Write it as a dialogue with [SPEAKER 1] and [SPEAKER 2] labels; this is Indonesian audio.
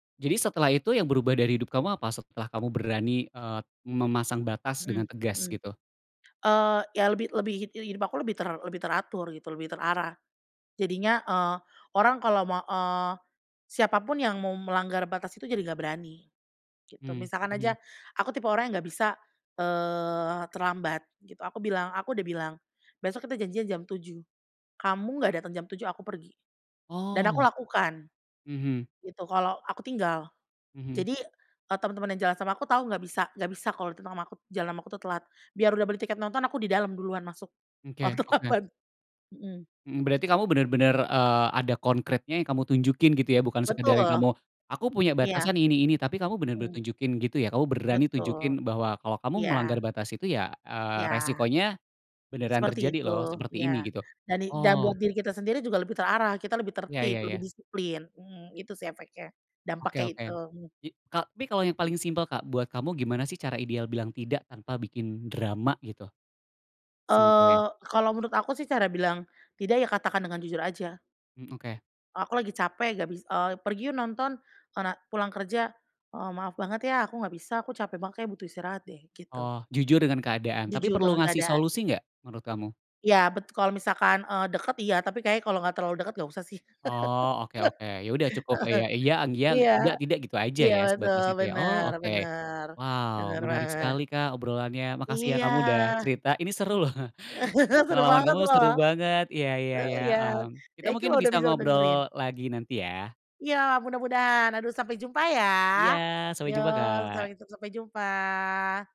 [SPEAKER 1] Jadi setelah itu yang berubah dari hidup kamu apa? Setelah kamu berani, eee, memasang batas
[SPEAKER 2] Mhm
[SPEAKER 1] dengan tegas
[SPEAKER 2] mhm.
[SPEAKER 1] gitu?
[SPEAKER 2] Eee, iya lebih lebih hi hidup aku lebih ter lebih teratur gitu, lebih terarah. Jadinya, eee, orang kalau mau eee, siapapun yang mau melanggar batas itu jadi nggak berani, gitu.
[SPEAKER 1] Mmm,
[SPEAKER 2] Misalkan
[SPEAKER 1] mhm.
[SPEAKER 2] aja, aku tipe orang yang nggak bisa, eee, terlambat gitu. Aku bilang aku udah bilang, "Besok kita janjian jam 7.00, kamu nggak datang jam 7.00 aku pergi," dan aku
[SPEAKER 1] Oh.
[SPEAKER 2] lakukan.
[SPEAKER 1] Mhm.
[SPEAKER 2] Gitu, kalau aku tinggal.
[SPEAKER 1] Mhm.
[SPEAKER 2] Jadi, kalau temen-temen yang jalan sama aku tahu nggak bisa nggak bisa kalau tentang sama aku tuh kalau jalan sama aku tuh telat. Biar udah beli tiket nonton aku di dalam duluan masuk,
[SPEAKER 1] Mmm, oke
[SPEAKER 2] waktu
[SPEAKER 1] oke.
[SPEAKER 2] kapan. Mhm.
[SPEAKER 1] Mhm, berarti kamu bener-bener, eee, ada konkretnya yang kamu tunjukin gitu ya. Bukan sekedar
[SPEAKER 2] Betul.
[SPEAKER 1] yang kamu, “Aku punya
[SPEAKER 2] Iya.
[SPEAKER 1] batasan ini ini,” tapi kamu bener-bener
[SPEAKER 2] Mmm.
[SPEAKER 1] tunjukin gitu ya. Kamu berani
[SPEAKER 2] Betul,
[SPEAKER 1] tunjukin bahwa, "Kalau kamu
[SPEAKER 2] iya.
[SPEAKER 1] melanggar batas itu ya, eee,
[SPEAKER 2] Iya.
[SPEAKER 1] resikonya beneran
[SPEAKER 2] Seperti
[SPEAKER 1] terjadi
[SPEAKER 2] itu,
[SPEAKER 1] loh seperti ini,"
[SPEAKER 2] iya.
[SPEAKER 1] gitu.
[SPEAKER 2] Jadi dan buat
[SPEAKER 1] Oh.
[SPEAKER 2] diri kita sendiri juga lebih terarah, kita lebih
[SPEAKER 1] Iya
[SPEAKER 2] tertib,
[SPEAKER 1] iya
[SPEAKER 2] lebih
[SPEAKER 1] iya.
[SPEAKER 2] disiplin. Mhm, itu sih efeknya,
[SPEAKER 1] Oke
[SPEAKER 2] dampaknya itu,
[SPEAKER 1] oke.
[SPEAKER 2] mmm.
[SPEAKER 1] Jadi ka tapi kalau yang paling simpel, Kak, buat kamu gimana sih cara ideal bilang tidak tanpa bikin drama gitu? Simpelnya.
[SPEAKER 2] Eee, kalau menurut aku sih cara bilang tidak ya katakan dengan jujur aja.
[SPEAKER 1] Mmm, oke.
[SPEAKER 2] "Aku lagi capek, gak bis" "Eee, pergi yuk nonton, kona pulang kerja." "Eee, maaf banget ya aku nggak bisa, aku capek banget kayaknya butuh istirahat deh," gitu.
[SPEAKER 1] Oh, jujur dengan keadaan, tapi
[SPEAKER 2] Jujur
[SPEAKER 1] perlu
[SPEAKER 2] dengan
[SPEAKER 1] ngasih
[SPEAKER 2] keadaan.
[SPEAKER 1] solusi gak menurut kamu?
[SPEAKER 2] Iya, betul, kalau misalkan, eee, deket iya, tapi kayaknya kalau nggak terlalu deket nggak usah sih.
[SPEAKER 1] Oh, oke oke, ya udah cukup lah, iya iya,
[SPEAKER 2] Heeh. Iya.
[SPEAKER 1] tidak tidak, gitu aja
[SPEAKER 2] Iya,
[SPEAKER 1] ya,
[SPEAKER 2] betul,
[SPEAKER 1] sebatas itu ya.
[SPEAKER 2] bener
[SPEAKER 1] Oh, oke.
[SPEAKER 2] bener,
[SPEAKER 1] Wow,
[SPEAKER 2] bener
[SPEAKER 1] menarik
[SPEAKER 2] banget.
[SPEAKER 1] sekali, Kak, obrolannya. Makasih ya
[SPEAKER 2] Iya.
[SPEAKER 1] kamu udah cerita, ini seru loh,
[SPEAKER 2] Seru
[SPEAKER 1] pengalaman
[SPEAKER 2] banget
[SPEAKER 1] kamu seru
[SPEAKER 2] loh.
[SPEAKER 1] banget. Iya iya
[SPEAKER 2] Heeh,
[SPEAKER 1] iya,
[SPEAKER 2] iya,
[SPEAKER 1] mmm. Kita
[SPEAKER 2] thank you
[SPEAKER 1] mungkin
[SPEAKER 2] loh, udah
[SPEAKER 1] bisa
[SPEAKER 2] bisa ngedengerin.
[SPEAKER 1] ngobrol lagi nanti iya.
[SPEAKER 2] Iya, mudah-mudahan, aduh, sampai jumpa ya.
[SPEAKER 1] Iya, sampai
[SPEAKER 2] Iya,
[SPEAKER 1] jumpa, Kak.
[SPEAKER 2] sampai ketemu, sampai jumpa.